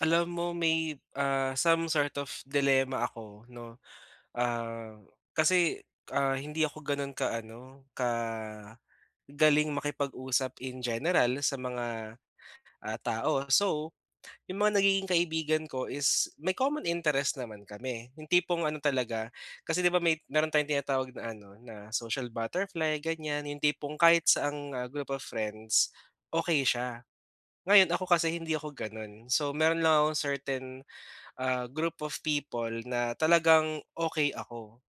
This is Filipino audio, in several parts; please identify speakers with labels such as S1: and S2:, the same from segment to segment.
S1: Alam mo may, ah, some sort of dilemma ako ‘no, ah, kasi, ah, hindi ako ganon ka ano, ka galing makipag-usap in general sa mga, ah, tao. So, 'yung mga nagiging kaibigan ko is may common interest naman kami. 'Yung tipong ano talaga, kasi 'di ba may meron tayong tinatawag na ano na social butterfly ganyan, 'yung tipong kahit saang group of friends, okey siya. Ngayon, ako kasi hindi ako ganun. So meron lang ako certain, ah, group of people na talagang okey ako.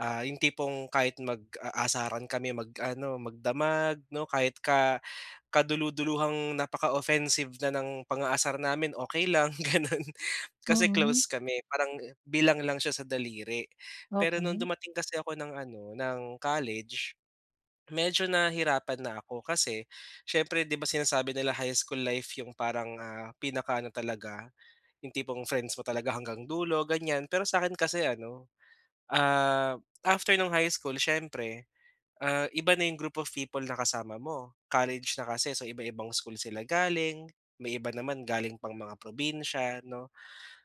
S1: Ah, 'yung tipong kahit mag-aasaran kami, mag-ano magdamag ‘no, kahit ka kadululuhang napaka-offensive na ng pang-aasar namin, okey lang gano'n, kasi
S2: Mm.
S1: close kami. Parang bilang lang siya sa daliri. Pero no'ng
S2: Okey.
S1: dumating kasi ako ng ano, ng college, medyo nahirapan na ako kasi, siyempre 'di ba, sinasabi nila high school life 'yong parang, ah, pinaka ano talaga, 'yong tipong friends mo talaga hanggang dulo, ganyan. Pero sa'kin kasi ano, ah, after no'ng high school siyempre, ah, iba na 'yong group of people na kasama mo, college na kasi, so iba-ibang school sila galing, may iba naman galing pang mga probinsiya, 'no.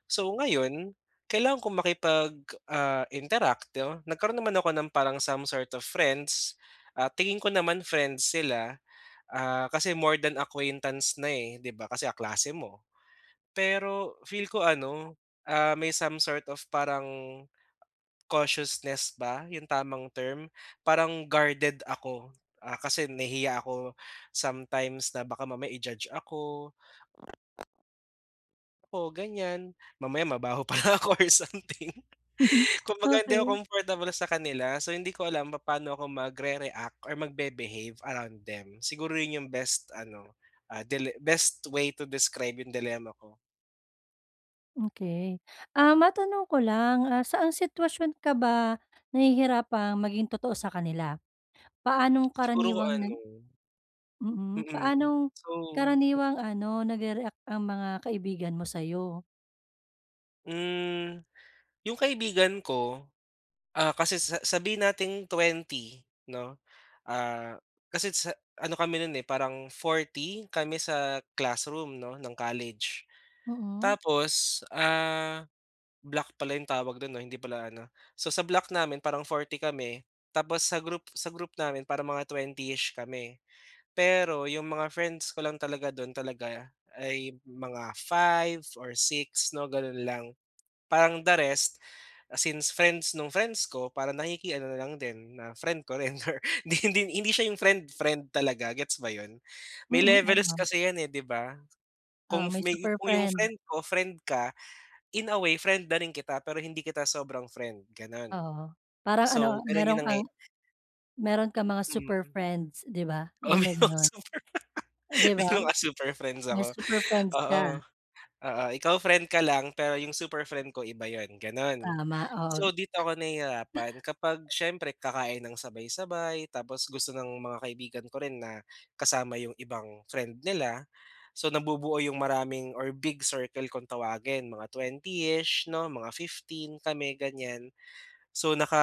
S1: So ngayon, kailangan ko makipag, ah, interact, ‘no, nagkaroon naman ako ng parang some sort of friends. Ah, tingin ko naman friends sila, ah, kasi more than acquaintance na eh, 'di ba, kasi kaklase mo. Pero feel ko ano, ah, may some sort of parang cautiousness ba 'yong tamang term? Parang guarded ako, ah, kasi nahihiya ako sometimes na baka mamaya i-judge ako. Oo, ganyan. Mamaya mabaho pala ako or something. Kumbaga hindi
S2: Okey.
S1: ako comfortable sa kanila, so hindi ko alam papaano ako mag-re-react or mag-be-behave around them. Siguro 'yun 'yung best ano, ah, dile best way to describe 'yung dilemma ko.
S2: Okey. Ah, matanong ko lang, ah, saan sitwasyon ka ba nahihirapang maging totoo sa kanila? Paanong
S1: Siguro, kung
S2: karaniwang
S1: ano.
S2: nag mm,
S1: Mm,
S2: paanong
S1: so
S2: karaniwang ano nagre-react ang mga kaibigan mo sayo?
S1: Hmm, yung kaibigan ko. Ah, kasi sa sabihin nating 20 'no, ah, kasi sa ano kami no'n, eh, parang 40 kami sa classroom 'no, ng college.
S2: Mhm.
S1: Tapos, ah, block pala yung tawag do'n 'no, hindi pala ano? So, sa block namin parang 40 kami tapos sa group sa group namin parang mga 20-ish kami. Pero yung mga friends ko lang talaga do'n talaga ay mga 5 or 6 'no, gano'n lang, parang the rest since friends nung friends ko parang nakiki-ano na lang din na friend ko rin or hindi hindi hindi siya yung friend friend talaga gets ba yun? May
S2: Mhm, ah
S1: levels
S2: [unintelligible]
S1: kasi yan, eh, 'di ba?
S2: Oo,
S1: Kung
S2: may
S1: may
S2: super
S1: kung yung
S2: friend.
S1: friend ko, friend ka in a way friend na rin kita pero hindi kita sobrang friend, gano'n.
S2: Oo, parang ano
S1: So, gano'n yung
S2: mayro'n
S1: nangyaya
S2: kang, mayro'n kang mga super
S1: Mhm.
S2: friends. 'Di ba?
S1: Oo,
S2: Yung
S1: may
S2: may
S1: mga
S2: gano'n.
S1: super pa
S2: 'Di
S1: may
S2: ba?
S1: mga super friends
S2: May
S1: ako.
S2: super friends ka.
S1: Oo, oo ikaw friend ka lang pero yung super friend ko iba 'yon, gano'n.
S2: Tama, oo.
S1: So, dito ako nahihirapan kapag siyempre kakain nang sabay, sabay tapos gusto ng mga kaibigan ko rin na kasama yung ibang friend nila so, nabubuo yung maraming or big circle kung tawagin mga 20-ish 'no, mga 15 kami ganyan. So, naka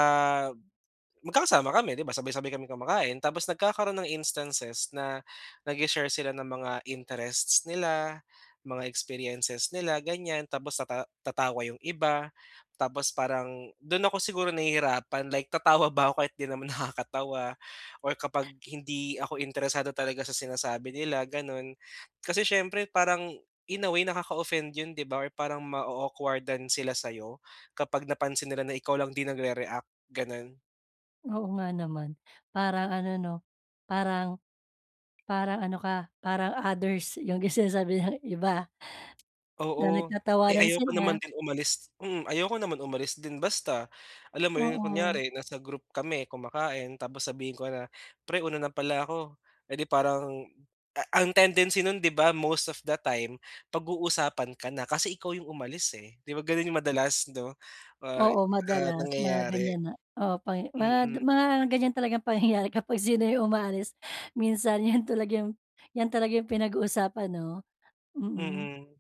S1: magkakasama kami 'di ba, sabay, sabay kaming kumakain tapos nagkakaroon ng instances na nag-she-share sila ng mga interests nila mga experiences nila ganyan tapos tata tatawa yung iba, tapos parang do'n ako siguro nahihirapan like tatawa ba 'ko kahit di naman nakakatawa or kapag hindi ako interesado talaga sa sinasabi nila, gano'n. Kasi siyempre parang in away nakaka-offend 'yon 'di ba or parang ma-o-awkward-dan sila sayo kapag napansin nila na ikaw lang di nagre-react, gano'n.
S2: Oo nga naman. Parang ano 'no, parang parang ano ka, parang others 'yung sinasabi ng iba. Na
S1: Oo. Eh,
S2: nagtatawanan
S1: ayoko naman
S2: sila.
S1: din umalis. Mm, ayoko naman umalis din basta. Alam mo 'yon
S2: Oo.
S1: kunyari nasa group kami kumakain tapos sabihin ko na "Pre una na pala ako." Eh, di parang a ang tendency no'n 'di ba most of the time pag-uusapan ka na kasi ikaw 'yong umalis, eh. 'Di ba gano'n 'yong madalas 'no, ah,
S2: Oo,
S1: ah,
S2: madalas mga
S1: nangyayari?
S2: ganiyan na Oo, pangya mga
S1: Mm.
S2: mga ganyan talagang pangyayari kapag sino 'yung umaalis. Minsan 'yan talaga 'yun 'yan talaga 'yong pinag-uusapan 'no. Mm.
S1: Mm.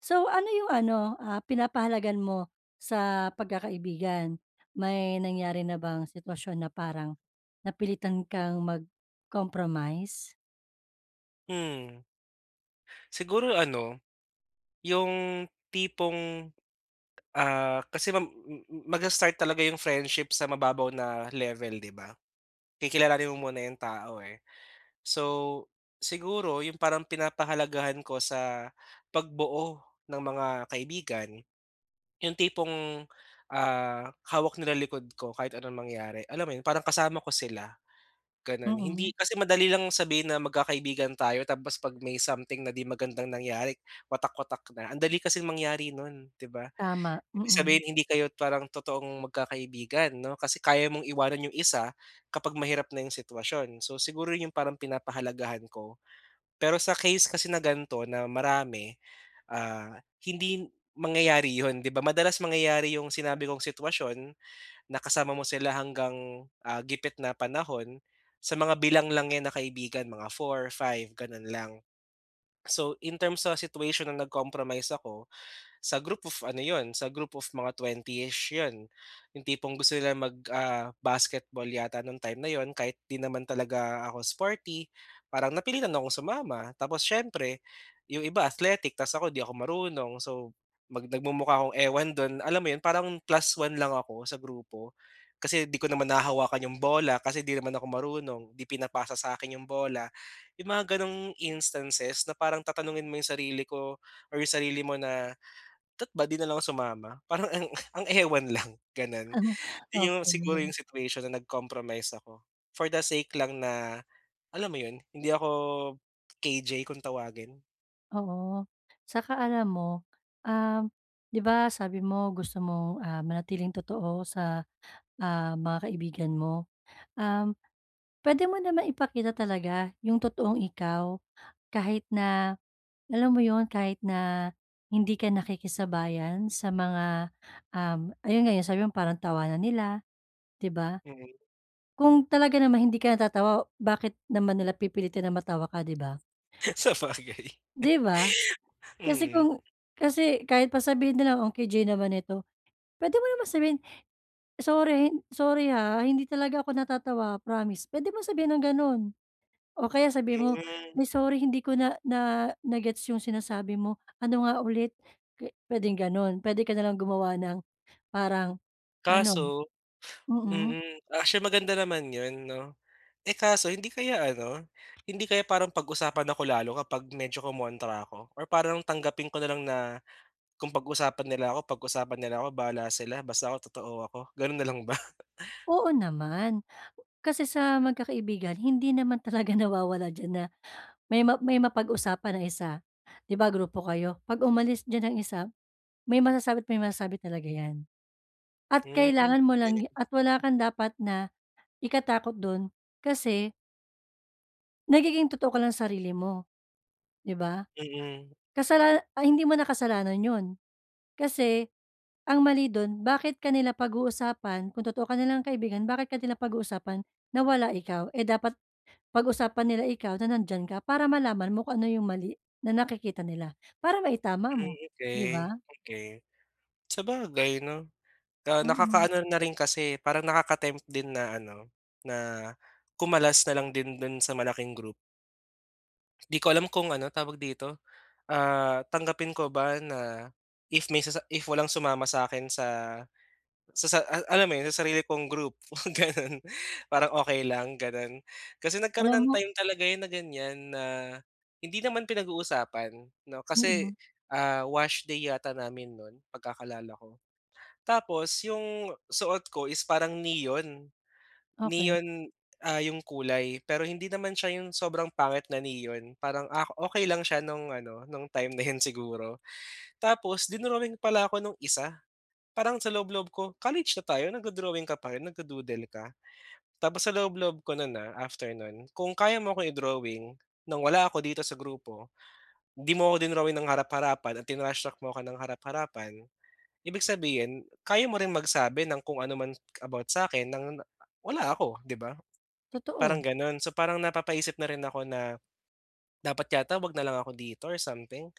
S2: So ano 'yung ano, ah, pinapahalagahan mo sa pagkakaibigan? May nangyari na bang sitwasyon na parang napilitan kang mag-compromise?
S1: Hmm. Siguro ano, 'yong tipong, ah, kasi ma hmm magsa-start talaga 'yong friendship sa mababaw na level, 'di ba? Kikilalanin mo muna 'yong tao, eh. So siguro 'yong parang pinapahalagahan ko sa pagbuo ng mga kaibigan, 'yong tipong, ah, hawak nila likod ko kahit anong mangyari. Alam mo 'yon? Parang kasama ko sila. Gano'n, hindi
S2: Mm.
S1: kasi madali lang sabihin na magkakaibigan tayo, tapos 'pag may something na 'di magandang nangyari watak watak na ang dali kasing mangyari no'n, 'di ba.
S2: Tama.
S1: Ibig
S2: Mm.
S1: sabihin hindi kayo parang totoong magkakaibigan 'no, kasi kaya mong iwanan 'yong isa kapag mahirap na 'yong sitwasyon. So siguro 'yong parang pinapahalagahan ko. Pero sa case kasi na ganito na marami, ah, hindi mangyayari 'yon, 'di ba madalas mangyayari 'yung sinabi kong sitwasyon na kasama mo sila hanggang, ah, gipit na panahon. Sa mga bilang lang 'yan na kaibigan mga 4, 5 ganun lang. So, in terms sa situation na nag-compromise ako, sa group of ano 'yon sa group of mga 20-ish 'yon. Yung tipong gusto nila mag, ah, basketball yata nung time na 'yon kahit 'di naman talaga ako sporty, parang napilitan akong sumama. Tapos siyempre 'yong iba athletic tapos ako 'di ako marunong so mag nagmumukha akong ewan do'n, alam mo 'yon, parang plus 1 lang ako sa grupo. Kasi 'di ko naman nahahawakan 'yong bola kasi 'di naman ako marunong, 'di pinapasa sa akin 'yong bola. Yung mga ganung instances na parang tatanungin mo yung sarili ko or yung sarili mo na da't ba 'di na lang sumama parang ang ang ewan lang ganun. Yun yung siguro
S2: Okey.
S1: yung situation na nag-compromise ako. For the sake lang na, alam mo yun hindi ako KJ kung tawagin.
S2: Oo. Saka alam mo, um, 'di ba sabi mo gusto mong, ah, manatiling totoo sa, ah, mga kaibigan mo. Um, puwede mo namang ipakita talaga 'yong totoong ikaw, kahit na, alam mo 'yon, kahit na hindi ka nakikisabayan sa mga, um, ayun 'yong sabi mo parang tawanan nila, 'di ba.
S1: Mm.
S2: Kung talaga naman hindi ka natatawa bakit naman nila pipilitin na matawa ka, 'di ba?
S1: Sabagay.
S2: 'Di ba? Kasi
S1: Mm.
S2: kung kasi kahit pa sabihin nilang, "Ang KJ naman nito," puwede mo naman sabihin, "Sorry hin sorry ha, hindi talaga ako natatawa promise." Puwede mong sabihin ang ganun. O kaya sabihin mo,
S1: Hmm.
S2: "Ay sorry hindi ko na na na-gets 'yong sinasabi mo, ano nga ulit?" Pwe puwedeng gano'n, puwede ka na lang gumawa ng parang ano,
S1: Kaso
S2: mm.
S1: mm. Actually, maganda naman 'yon 'no. Eh, kaso hindi kaya ano, hindi kaya parang pag-usapan ako lalo kapag medyo kumontra ako or parang tanggapin ko na lang na, kung pag-usapan nila ako, pag-usapan nila ako bahala sila basta totoo ako, gano'n na lang ba?
S2: Oo naman. Kasi sa magkakaibigan hindi naman talaga nawawala diyan na may ma may mapag-usapan ang isa. 'Di ba grupo kayo 'pag umalis diyan ang isa may masasabi't may masasabi talaga 'yan. At
S1: Hmm,
S2: kailangan mo
S1: galing.
S2: lang gi at wala kang dapat na ikatakot dun kasi Nagiging totoo ka lang sarili mo, di ba?
S1: Mm.
S2: Kasalana ah, hindi mo na kasalanan 'yon. Kasi ang mali dun bakit ka nila pag-uusapan kung totoo ka nilang kaibigan, bakit ka nila pag-uusapan na wala ikaw, eh, dapat pag-usapan nila ikaw na nandiyan ka para malaman mo kung ano yung mali na nakikita nila, para maitama
S1: Hmm,
S2: mo, 'di
S1: okey.
S2: ba?
S1: Okey. Sabagay 'no, ah,
S2: Mm.
S1: nakakaano na rin, kasi parang naka-tempt din na ano, na kumalas na lang din do'n sa malaking group. Di ko alam kung ano, tawag dito, ah, tanggapin ko ba na if may sasa if walang sumama sa akin sa sa sa a alam mo 'yon, sa sarili kong group, ganun. Parang okey lang, gano'n. Kasi nagkaroon
S2: Alam
S1: ng
S2: mo
S1: time talaga yun na ganyan na hindi naman pinag-uusapan 'no,
S2: Mm.
S1: kasi, ah, wash day yata namin no'n pagkakaalala ko. Tapos 'yong suot ko is parang neon.
S2: Okey.
S1: Neon, ah, 'yong kulay pero hindi naman siya 'yong sobrang pangit na neon parang, ah, okey lang siya no'ng ano, no'ng time na 'yon siguro. Tapos dinrowing pala ako no'ng isa. Parang sa loob-loob ko college na tayo nagdo-drawing ka pa rin, nagdu-doodle ka. Tapos sa loob loob ko no'n, ah, after no'n, kung kaya mo akong i-drawing no'ng wala ako dito sa grupo, 'di mo ako dinrowing ng harap-harapan at tinrashtrack mo ako ng harap-harapan. Ibig sabihin, kaya mo rin magsabi ng kung ano man about sa akin ng na wala ako, 'di ba? Parang
S2: Totoo.
S1: gano'n, so parang napapaisip na rin ako na, "Dapat yata wag na lang ako dito or something."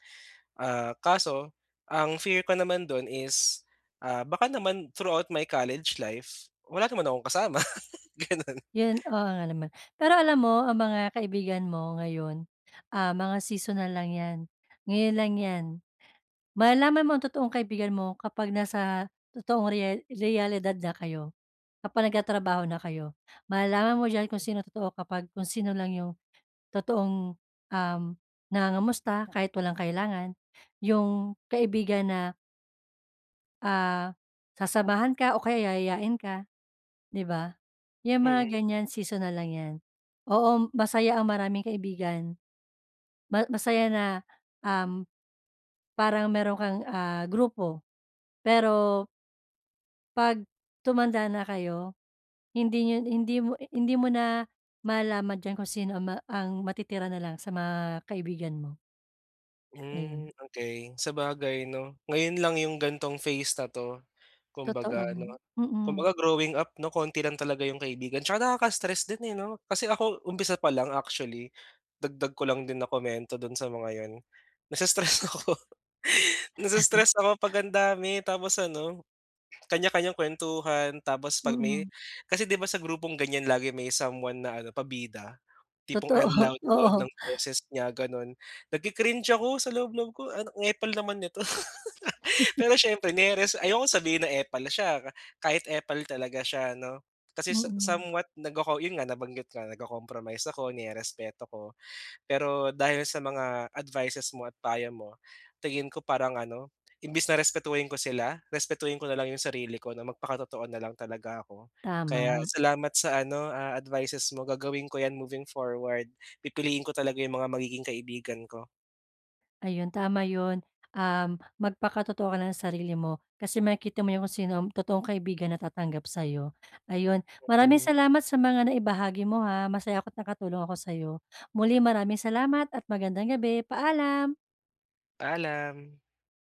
S1: Ah, kaso ang fear ko naman dun is, ah, baka naman throughout my college life, wala naman akong kasama, ganun.
S2: Yun, oo nga naman. Pero alam mo, ang mga kaibigan mo ngayon, ah, mga seasonal lang 'yan. Ngayon lang 'yan. Malalaman mo ang totoong kaibigan mo kapag nasa totoong rea realidad na kayo. Kapag nagtatrabaho na kayo. Malalaman mo diyan kung sinong totoo, kapag kung sino lang 'yong totoong, um, nangangamusta kahit walang kailangan. 'Yong kaibigan na Ah, sasamahan ka o kaya yayayain ka, 'di ba? Yung mga
S1: Mm.
S2: ganyan seasonal lang yan oo masaya ang maraming kaibigan, ma masaya na, um, parang mayron' kang, ah, grupo pero pag tumanda na kayo hindi nyo hindi mo hindi mo na malaman dyan kung sino ang ma matitira nalang sa mga kaibigan mo.
S1: Hmm,
S2: Ayun.
S1: okey sabagay 'no, ngayon lang yung gantong phase na 'to.
S2: Totoo,
S1: Kumbaga ano,
S2: mm.
S1: kumbaga growing up 'no, konti lang talaga yung kaibigan 'tsaka nakaka-stress din, eh, 'no? Kasi, ako umpisa pa lang actually, dagdag ko lang din na komento do'n sa mga 'yon, nai-stress ako nai-stress ako pag ang dami tapos ano kanya-kanyang kuwentuhan tapos 'pag may
S2: Mm.
S1: kasi 'di ba, sa grupong ganyan lagi may someone na ano pabida tipong
S2: Totoo,
S1: ang loud, loud
S2: oo.
S1: ng boses niya gano'n, nagki-cringe ako sa loob, loob ko ano, "ang epal naman nito." Pero siyempre nireres ayokong sabihin na epal sya ka kahit epal talaga sya 'no, kasi sa
S2: Mm.
S1: somewhat nagco-co yun nga nabanggit ko nag-co-compromise ako, nirerespeto ko pero dahil sa mga advices mo at payo mo tingin ko parang ano imbis na respetuhin ko sila respetuhin ko na lang yung sarili ko na magpakatotoo na lang talaga ako. Kaya,
S2: Tama.
S1: salamat sa ano, ah, advices mo gagawin ko yan moving forward pipiliin ko talaga yung mga magiging kaibigan ko.
S2: Ayun, tama 'yon, um, magpakatotoo ka lang ng sarili mo kasi makikita mo yung kung sino ang totoong kaibigan natatanggap sayo. Ayun, maraming
S1: Mhm.
S2: salamat sa mga naibahagi mo, ha, masaya ako't nakatulong ako sayo, muli maraming salamat at magandang gabi, paalam!
S1: Paalam.